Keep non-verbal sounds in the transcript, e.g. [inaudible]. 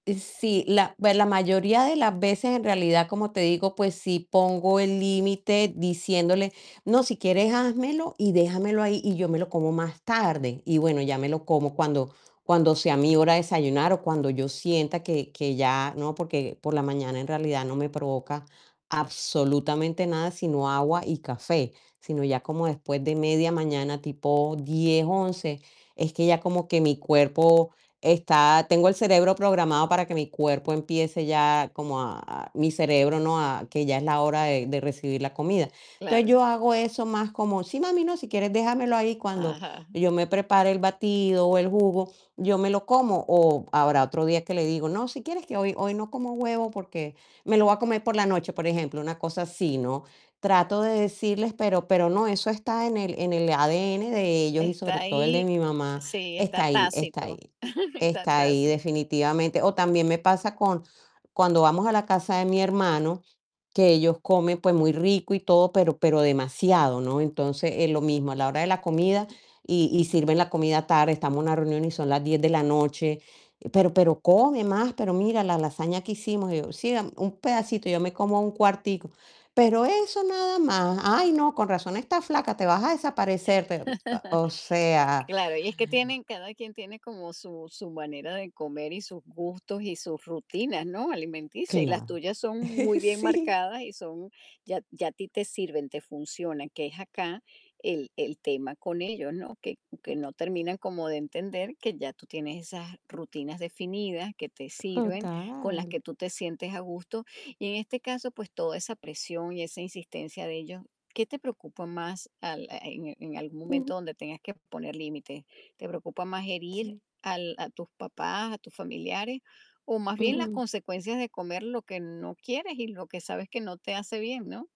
Sí, la pues la mayoría de las veces, en realidad, como te digo, pues sí pongo el límite diciéndole: "No, si quieres házmelo y déjamelo ahí y yo me lo como más tarde". Y bueno, ya me lo como cuando cuando sea mi hora de desayunar o cuando yo sienta que que ya no, porque por la mañana en realidad no me provoca absolutamente nada, sino agua y café, sino ya como después de media mañana, tipo 10, 11 es que ya como que mi cuerpo está tengo el cerebro programado para que mi cuerpo empiece ya como a mi cerebro, ¿no? A que ya es la hora de de recibir la comida. Entonces, Claro. yo hago eso más como: "Sí, mami, no, si quieres déjamelo ahí cuando Ajá. yo me prepare el batido o el jugo, yo me lo como". O habrá otro día que le digo: "No, si quieres que hoy hoy no como huevo porque me lo voy a comer por la noche", por ejemplo, una cosa así, ¿no? Trato de decirles, pero pero no, eso está en el en el ADN de ellos y Está sobre todo el de ahí, mi mamá sí, está está ahí está ahí tácito. [chuckles] Está está ahí tácito. definitivamente. O también me pasa con cuando vamos a la casa de mi hermano, que ellos comen pues muy rico y todo, pero pero demasiado, ¿no? Entonces es lo mismo a la hora de la comida y y sirven la comida tarde, estamos en una reunión y son las 10 de la noche. "Pero pero come más, pero mira la lasaña que hicimos", y yo: "Sí, deme, un pedacito, yo me como un cuartico", pero eso nada más. "Ay, no, con razón estás flaca, te vas a desaparecer". Te [chuckles] o sea. Claro, y es que tienen cada quien tiene como su su manera de comer y sus gustos y sus rutinas, ¿no?, alimenticias. Y las Claro. tuyas son muy [chuckles] bien Sí. marcadas y son ya ya a ti te sirven, te funcionan, que es acá el el tema con ellos, ¿no? Que que no terminan como de entender que ya tú tienes esas rutinas definidas que te sirven, con las Total. que tú te sientes a gusto. Y en este caso, pues toda esa presión y esa insistencia de ellos, ¿qué te preocupa más al en en algún momento Ujú. donde tengas que poner límites? ¿Te preocupa más herir Sí. al a tus papás, a tus familiares o más bien las Ujú. consecuencias de comer lo que no quieres y lo que sabes que no te hace bien, no?